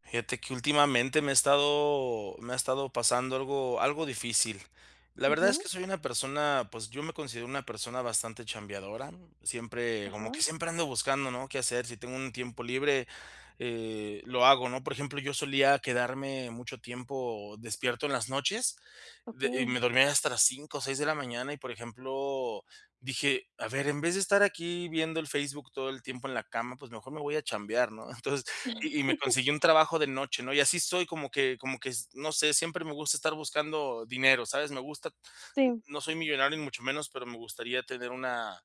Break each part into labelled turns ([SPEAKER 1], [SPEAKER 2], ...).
[SPEAKER 1] Fíjate que últimamente me he estado me ha estado pasando algo algo difícil. La verdad es
[SPEAKER 2] Ujú.
[SPEAKER 1] que soy una persona, pues yo me considero una persona bastante chambeadora, siempre, como que
[SPEAKER 2] Ajá.
[SPEAKER 1] siempre ando buscando, ¿no? Qué hacer si tengo un tiempo libre, eh, lo hago, ¿no? Por ejemplo, yo solía quedarme mucho tiempo despierto en las noches de y me
[SPEAKER 2] Okey.
[SPEAKER 1] dormía hasta las 5:00 o 6:00 de la mañana y, por ejemplo, dije: "A ver, en vez de estar aquí viendo el Facebook todo el tiempo en la cama, pues mejor me voy a chambear", ¿no? Entonces, y y me consiguió un trabajo de noche, ¿no? Y así soy, como que como que no sé, siempre me gusta estar buscando dinero, ¿sabes? Me gusta,
[SPEAKER 2] Sí.
[SPEAKER 1] no soy millonario ni mucho menos, pero me gustaría tener una,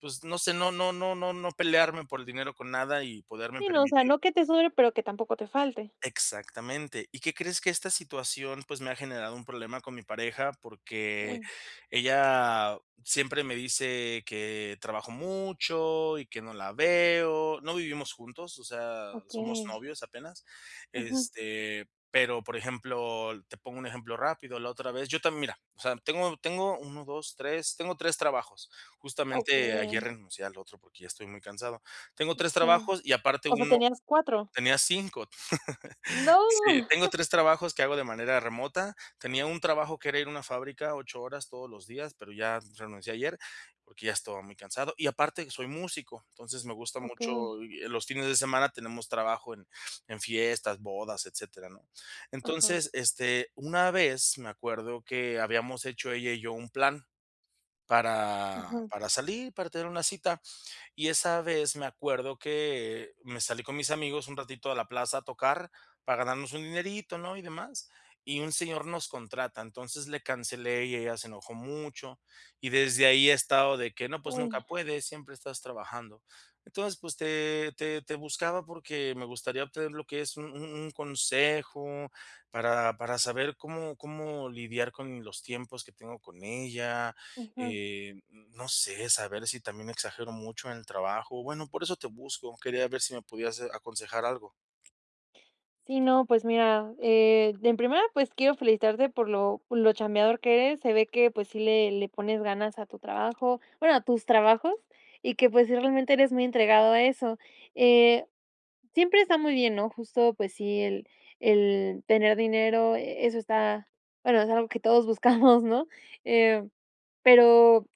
[SPEAKER 1] pues, no sé, no no no no no pelearme por el dinero con nada y poderme
[SPEAKER 2] Sí, no, o sea,
[SPEAKER 1] permitir
[SPEAKER 2] no que te sobre, pero que tampoco te falte.
[SPEAKER 1] exactamente. ¿Y qué crees? Que esta situación, pues, me ha generado un problema con mi pareja porque,
[SPEAKER 2] Uy.
[SPEAKER 1] ella siempre me dice que, trabajo mucho y que no la veo no vivimos juntos, o sea, somos
[SPEAKER 2] Okey.
[SPEAKER 1] novios apenas
[SPEAKER 2] Ujú.
[SPEAKER 1] este, pero, por ejemplo, te pongo un ejemplo rápido, la otra vez yo también mira, o sea, tengo tengo 1, 2, 3, tengo 3 trabajos. Justamente ayer
[SPEAKER 2] Okey.
[SPEAKER 1] renuncié al otro porque ya estoy muy cansado. Tengo
[SPEAKER 2] Eh,
[SPEAKER 1] 3
[SPEAKER 2] sí,
[SPEAKER 1] trabajos y aparte
[SPEAKER 2] ¿o sea,
[SPEAKER 1] 1,
[SPEAKER 2] tenías cuatro?
[SPEAKER 1] tenía 5
[SPEAKER 2] ¡No!
[SPEAKER 1] Sí, tengo tres trabajos que hago de manera remota, tenía un trabajo, que era ir a una fábrica 8 horas todos los días, pero ya renuncié ayer, porque ya estaba muy cansado y aparte que soy músico. Entonces me gusta mucho,
[SPEAKER 2] Okey.
[SPEAKER 1] eh, fines de semana tenemos trabajo en en fiestas, bodas, etcétera, ¿no?
[SPEAKER 2] Ajá.
[SPEAKER 1] Entonces, este, una vez me acuerdo que habíamos hecho ella y yo un plan para
[SPEAKER 2] Ujú.
[SPEAKER 1] para salir, para tener una cita. Y esa vez me acuerdo que me salí con mis amigos un ratito a la plaza a tocar para ganarnos un dinerito, ¿no? Y demás, y un señor nos contrata, entonces le cancelé y ella se enojó mucho y desde ahí he estado de que: "No, pues nunca
[SPEAKER 2] Uy.
[SPEAKER 1] puedes, siempre estás trabajando". Entonces, pues te te te buscaba porque me gustaría obtener lo que es un un un consejo para para saber cómo cómo lidiar con los tiempos que tengo con ella,
[SPEAKER 2] Ujú.
[SPEAKER 1] eh, n no sé, saber si también exagero mucho en el trabajo, bueno, por eso te busco. Quería ver si me podías, eh, aconsejar algo.
[SPEAKER 2] Sí, no, pues mira, eh, en primera, pues, quiero felicitarte por lo por lo chambiador que eres. Se ve que, pues sí, le le pones ganas a tu trabajo, bueno, a tus trabajos. Y qué, pues, sí realmente eres muy entregado a eso. Eh, siempre está muy bien, ¿no? Justo, pues sí, el el tener dinero, e eso está bueno, es algo que todos buscamos, ¿no? Eh, pero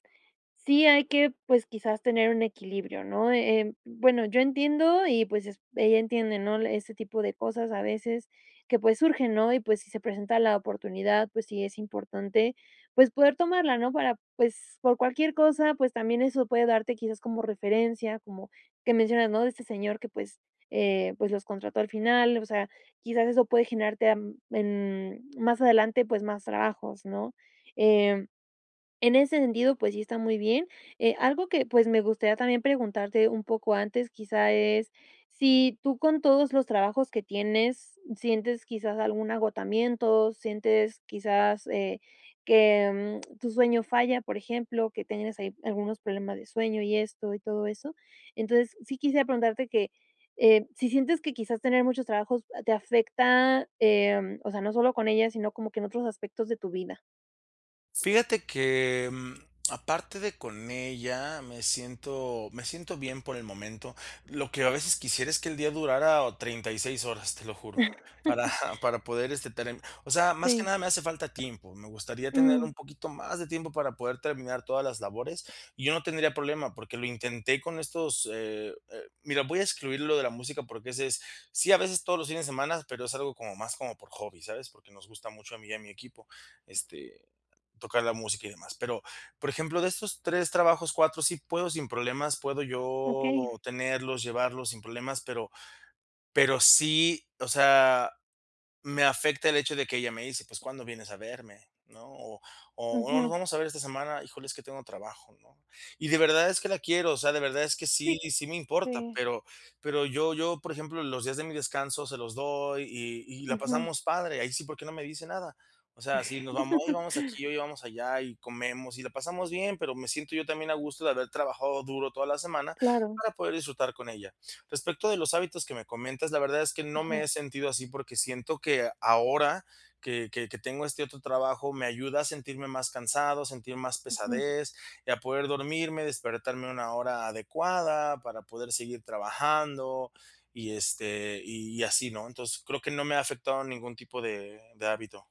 [SPEAKER 2] sí hay que, pues, quizás, tener un equilibrio, ¿no? Em, bueno, yo entiendo, y pues es ella entiende, ¿no?, ese tipo de cosas a veces que, pues, surgen, ¿no? Y, pues, si se presenta la oportunidad, pues sí, es importante, pues, poder tomarla, ¿no?, para, pues, por cualquier cosa. Pues, también eso puede darte, quizás, como referencia, como que mencionas, ¿no?, de este señor que, pues, eh, pues, los contrató al final. O sea, quizás eso puede generarte, am, en más adelante, pues, más trabajos, ¿no? Em, En ese sentido, pues sí, está muy bien, eh, algo que, pues, me gustaría también preguntarte un poco antes, quizá, es si tú, con todos los trabajos que tienes, sientes quizás algún agotamiento, sientes quizás, eh, que, mm, tu sueño falla, por ejemplo, que tengas ahí algunos problemas de sueño y esto y todo eso. Entonces sí quisiera preguntarte que, eh, si sientes que, quizás, tener muchos trabajos, ah, te afecta, em, o sea, no solo con ella, sino como que en otros aspectos de tu vida.
[SPEAKER 1] Fíjate que, mm, aparte de con ella, me siento me siento bien por el momento. Lo que a veces quisiera es que el día durara 36 horas, te lo juro, para para poder este term o sea, más que
[SPEAKER 2] Sí.
[SPEAKER 1] nada me hace falta tiempo. Me gustaría tener
[SPEAKER 2] Mm.
[SPEAKER 1] un poquito más de tiempo para poder terminar todas las labores y yo no tendría problema, porque lo intenté con estos, eh, eh, mira, voy a excluir lo de la música porque ese es sí, a veces todos los fines de semana, pero es algo como más como por hobby, ¿sabes?, porque nos gusta mucho a mí y a mi equipo, este, tocar la música y demás. Pero, por ejemplo, de estos 3 trabajos, 4 sí puedo, sin problemas, puedo yo
[SPEAKER 2] Okey.
[SPEAKER 1] tenerlos, llevarlos sin problemas, pero pero sí, o sea, me afecta el hecho de que ella me dice: "pues ¿cuándo vienes a verme, no?", o o, "¿nos
[SPEAKER 2] Ujú.
[SPEAKER 1] vamos a ver esta semana?", "híjole, es que tengo trabajo", ¿no? Y de verdad es que la quiero, o sea, de verdad es que sí
[SPEAKER 2] Sí
[SPEAKER 1] sí me importa,
[SPEAKER 2] sí.
[SPEAKER 1] pero pero yo yo, por ejemplo, los días de mi descanso se los doy y y la
[SPEAKER 2] Ujú.
[SPEAKER 1] pasamos padre ahí sí, ¿por qué no me dice nada? O sea, si nos vamos oye, vamos aquí, oye, vamos allá y comemos y la pasamos bien, pero me siento yo también a gusto de haber trabajado duro toda la semana
[SPEAKER 2] Claro.
[SPEAKER 1] para poder disfrutar con ella. Respecto de los hábitos que me comentas, la verdad es que no me
[SPEAKER 2] Ajá.
[SPEAKER 1] he sentido así porque siento que ahora que que que tengo este otro trabajo, me ayuda a sentirme más cansado, sentir más
[SPEAKER 2] Ujú.
[SPEAKER 1] pesadez y a poder dormirme, despertarme a una hora adecuada para poder seguir trabajando y este, y así, ¿no? Entonces creo que no me ha afectado ningún tipo de de hábito.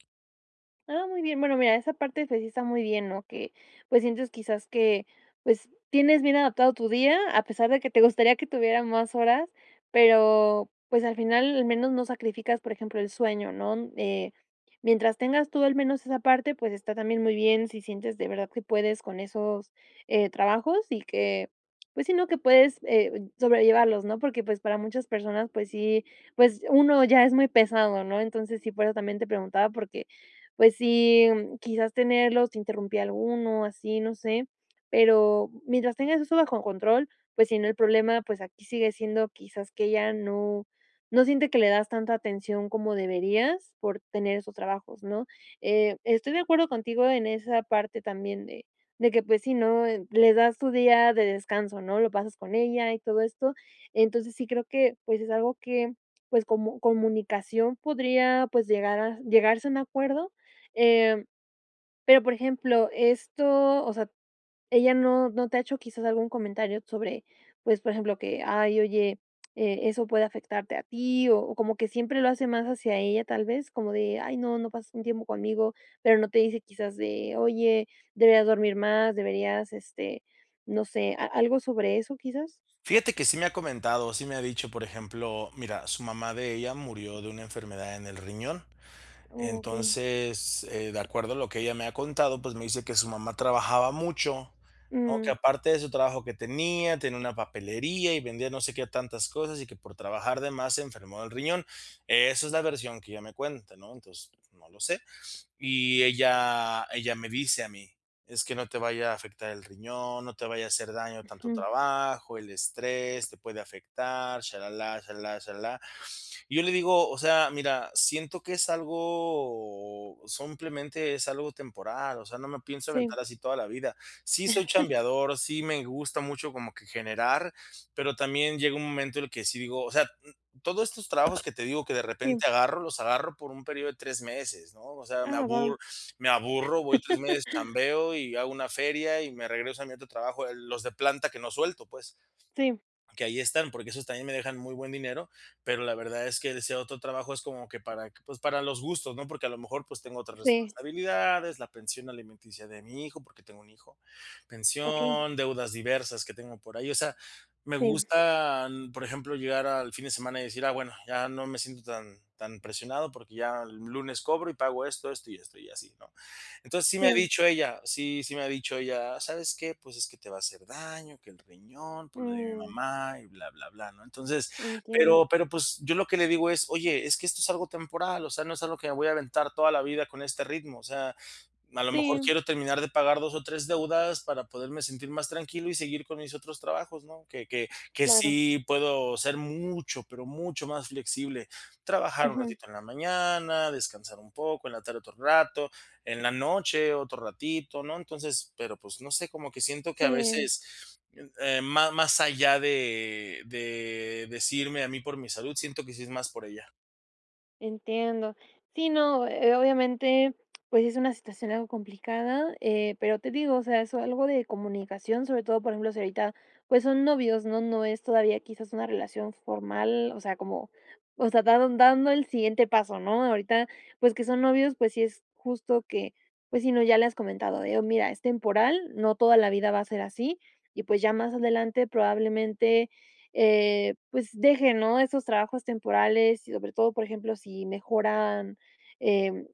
[SPEAKER 2] Ah, muy bien, bueno, mira, esa parte, pues si está muy bien, ¿no?, que pues sientes quizás que pues tienes bien adaptado tu día, a pesar de que te gustaría que tuviera más horas, pero pues al final al menos no sacrificas, por ejemplo, el sueño, ¿no?, eh, mientras tengas tú al menos esa parte, pues está también muy bien, si sientes de verdad que puedes con esos, eh, trabajos y que pues sí, ¿no?, que puedes, eh, sobrellevarlos, ¿no?, porque pues para muchas personas, pues sí, pues uno ya es muy pesado, ¿no?, entonces sí, por eso también te preguntaba porque, pues sí, quizás tenerlos interrumpía alguno así, no sé, pero mientras tengas eso bajo control, pues si, ¿no?, el problema, pues aquí sigue siendo quizás que ella no no siente que le das tanta atención como deberías por tener esos trabajos, ¿no?, eh, estoy de acuerdo contigo en esa parte también de de que pues si, ¿no?, le das tu día de descanso, ¿no?, lo pasas con ella y todo esto, entonces sí, creo que pues es algo que pues como comunicación podría, pues llegar a llegarse a un acuerdo, eh, pero por ejemplo, esto o sea, ella no no te ha hecho quizás algún comentario sobre pues, por ejemplo, que: "Ay, oye, eh, eso puede afectarte a ti", o o como que siempre lo hace más hacia ella tal vez como de: "Ay, no no pasa un tiempo conmigo", pero no te dice quizás de: "Oye, deberías dormir más, deberías este no sé", ¿a algo sobre eso, quizás?
[SPEAKER 1] Fíjate que sí me ha comentado, sí me ha dicho, por ejemplo, mira, su mamá de ella murió de una enfermedad en el riñón,
[SPEAKER 2] Okey.
[SPEAKER 1] entonces, eh, de acuerdo a lo que ella me ha contado, pues me dice que su mamá trabajaba mucho, ¿no?, que
[SPEAKER 2] Mm.
[SPEAKER 1] aparte de su trabajo que tenía, tenía una papelería y vendía no sé qué tantas cosas y que por trabajar de más se enfermó del riñón, esa es la versión que ella me cuenta, ¿no?, entonces no lo sé. Y ella ella me dice a mí: "Es que no te vaya a afectar el riñón, no te vaya a hacer daño tanto
[SPEAKER 2] Ujú.
[SPEAKER 1] trabajo, el estrés te puede afectar sha la la, sha la la, sha la la", y yo le digo: "O sea, mira, siento que es algo simplemente es algo temporal, o sea, no me pienso
[SPEAKER 2] Sí.
[SPEAKER 1] aventar así toda la vida, sí soy chambeador, sí me gusta mucho como que generar, pero también llega un momento en el que sí digo, o sea, todos estos trabajos que te digo que de
[SPEAKER 2] Sí.
[SPEAKER 1] repente agarro, los agarro por un período de tres meses, ¿no?, o sea, me
[SPEAKER 2] Ah, va.
[SPEAKER 1] aburro me aburro, voy 3 meses, chambeo y hago una feria y me regreso a mi otro trabajo, el los de planta que no suelto, pues
[SPEAKER 2] Sí.
[SPEAKER 1] que ahí están, porque esos también me dejan muy buen dinero, pero la verdad es que ese otro trabajo es como que para pues para los gustos, ¿no?, porque a lo mejor pues tengo otras
[SPEAKER 2] Sí.
[SPEAKER 1] responsabilidades, la pensión alimenticia de mi hijo, porque tengo un hijo,
[SPEAKER 2] Okey.
[SPEAKER 1] pensión, deudas diversas que tengo por ahí, o sea, me
[SPEAKER 2] Sí.
[SPEAKER 1] gusta, por ejemplo, llegar al fin de semana y decir: "Ah, bueno, ya no me siento tan tan presionado porque ya el lunes cobro y pago esto, esto y esto y así", ¿no? Entonces sí me ha
[SPEAKER 2] Sí.
[SPEAKER 1] dicho ella, sí sí me ha dicho ella: "¿Sabes qué?, pues es que te va a hacer daño, que el riñón por lo de mi
[SPEAKER 2] Mm.
[SPEAKER 1] mamá y bla, bla, bla", ¿no?, entonces,
[SPEAKER 2] Entiendo.
[SPEAKER 1] pero pero pues yo lo que le digo es: "Oye, es que esto es algo temporal, o sea, no es algo que me voy a aventar toda la vida con este ritmo", o sea, a lo mejor
[SPEAKER 2] Sí.
[SPEAKER 1] quiero terminar de pagar 2 o 3 deudas para poderme sentir más tranquilo y seguir con mis otros trabajos, ¿no?, que que que
[SPEAKER 2] Claro.
[SPEAKER 1] sí puedo ser mucho, pero mucho más flexible, trabajar un
[SPEAKER 2] Ujú.
[SPEAKER 1] ratito en la mañana, descansar un poco, en la tarde otro rato, en la noche otro ratito, ¿no?, entonces, pero pues no sé, cómo que siento que a
[SPEAKER 2] Sí.
[SPEAKER 1] veces, eh, ma más allá de de decirme a mí por mi salud, siento que sí es más por ella.
[SPEAKER 2] Entiendo, sí, no, eh, obviamente pues es una situación algo complicada, eh, pero te digo, o sea, eso algo de comunicación, sobre todo, por ejemplo, si ahorita, pues son novios, no no es todavía quizás una relación formal, o sea, como, o sea, dan dando el siguiente paso, ¿no?, ahorita, pues que son novios, pues sí, es justo que, pues sí, ¿no?, ya le has comentado de: "Mira, es temporal, no toda la vida va a ser así", y pues ya más adelante, probablemente, eh, pues deje, ¿no?, esos trabajos temporales y sobre todo, por ejemplo, si mejoran, eh,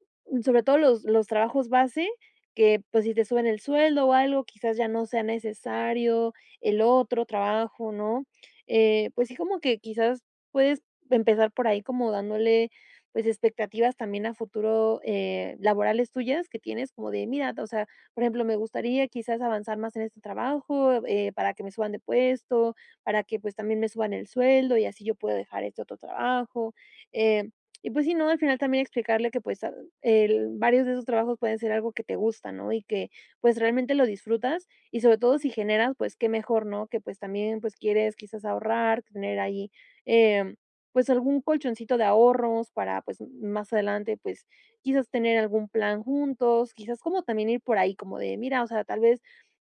[SPEAKER 2] sobre todo los los trabajos base, que pues si te suben el sueldo o algo, quizás ya no sea necesario el otro trabajo, ¿no?, eh, pues sí, como que quizás puedes empezar por ahí, como dándole, pues, expectativas también a futuro, eh, laborales tuyas que tienes como de mira, o sea, por ejemplo: "Me gustaría quizás avanzar más en este trabajo, eh, para que me suban de puesto, para que, pues, también me suban el sueldo y así yo pueda dejar este otro trabajo", eh, y, pues, sí, ¿no?, al final también explicarle que, pues, ah, el varios de esos trabajos pueden ser algo que te gusta, ¿no?, y que, pues, realmente lo disfrutas, y sobre todo si generas, pues, qué mejor, ¿no?, que, pues, también, pues, quieres quizás ahorrar, tener ahí, eh, pues, algún colchoncito de ahorros para, pues, más adelante, pues, quizás tener algún plan juntos, quizás como también ir por ahí como de mira, o sea, tal vez: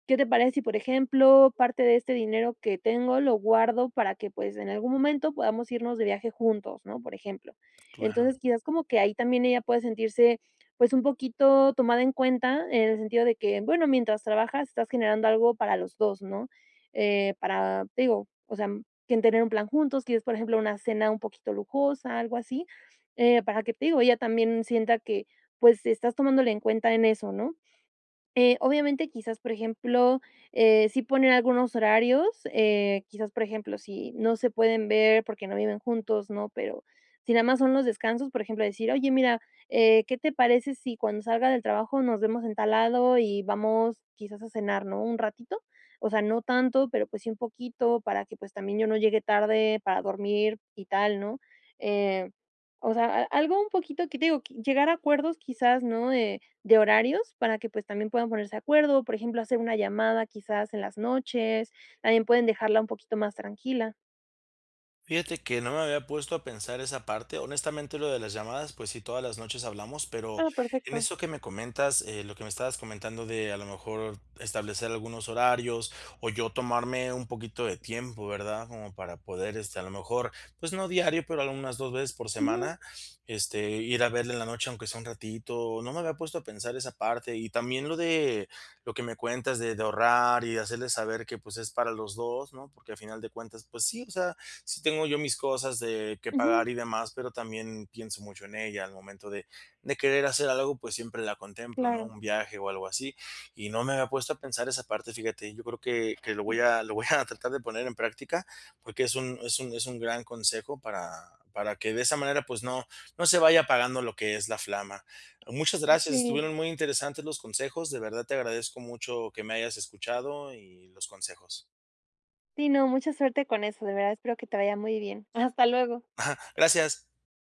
[SPEAKER 2] "Qué te parece si, por ejemplo, parte de este dinero que tengo lo guardo para que pues en algún momento podamos irnos de viaje juntos", ¿no?, por ejemplo, entonces
[SPEAKER 1] Claro.
[SPEAKER 2] quizás como que ahí también ella puede sentirse, pues un poquito tomada en cuenta, en el sentido de que bueno, mientras trabajas estás generando algo para los 2, ¿no?, eh, para te digo, o sea, quieren tener un plan juntos, quieres, por ejemplo, una cena un poquito lujosa, algo así, eh, para que, te digo, ella también sienta que pues estás tomándola en cuenta en eso, ¿no?, eh, obviamente, quizás, por ejemplo, eh, sí ponen algunos horarios, eh, quizás, por ejemplo, si no se pueden ver porque no viven juntos, ¿no?, pero, si nada más son los descansos, por ejemplo, decir: "Oye, mira, eh, ¿qué te parece si cuando salga del trabajo nos vemos en tal lado y vamos quizás a cenar?, ¿no?, un ratito, o sea, no tanto, pero pues sí, un poquito para que, pues, también yo no llegue tarde para dormir", y tal, ¿no?, eh, o sea, a algo un poquito que te digo, llegar a acuerdos, quizás, ¿no?, eh, de horarios para que, pues, también puedan ponerse de acuerdo, por ejemplo, hacer una llamada, quizás en las noches también pueden dejarla un poquito más tranquila.
[SPEAKER 1] Fíjate que no me había puesto a pensar esa parte, honestamente, lo de las llamadas, pues sí, todas las noches hablamos, pero,
[SPEAKER 2] Ah,
[SPEAKER 1] en
[SPEAKER 2] perfecto.
[SPEAKER 1] eso que me comentas, eh, lo que me estabas comentando de a lo mejor, establecer algunos horarios o yo tomarme un poquito de tiempo, ¿verdad? Como para poder este, a lo mejor, pues no diario, pero algunas dos veces por
[SPEAKER 2] Ujú.
[SPEAKER 1] semana este, ir a verla en la noche, aunque sea un ratito. No me había puesto a pensar esa parte y también lo de lo que me cuentas de de ahorrar y de hacerle saber que, pues, es para los dos, ¿no? Porque al final de cuentas, pues sí, o sea, sí tengo yo mis cosas de que
[SPEAKER 2] Ujú.
[SPEAKER 1] pagar y demás, pero también pienso mucho en ella, al momento de de querer hacer algo, pues siempre la contemplo, ¿no?
[SPEAKER 2] Claro.
[SPEAKER 1] Un viaje o algo así, y no me había puesto a pensar esa parte, fíjate, yo creo que que lo voy a lo voy a tratar de poner en práctica porque es un es un es un gran consejo para para que de esa manera, pues, no no se vaya apagando lo que es la flama. Muchas
[SPEAKER 2] Ah,
[SPEAKER 1] gracias,
[SPEAKER 2] sí.
[SPEAKER 1] estuvieron muy interesantes los consejos, de verdad te agradezco mucho que me hayas escuchado y los consejos.
[SPEAKER 2] Sí, no, mucha suerte con eso. De verdad. Espero que te vaya muy bien. Hasta luego.
[SPEAKER 1] Ajá gracias.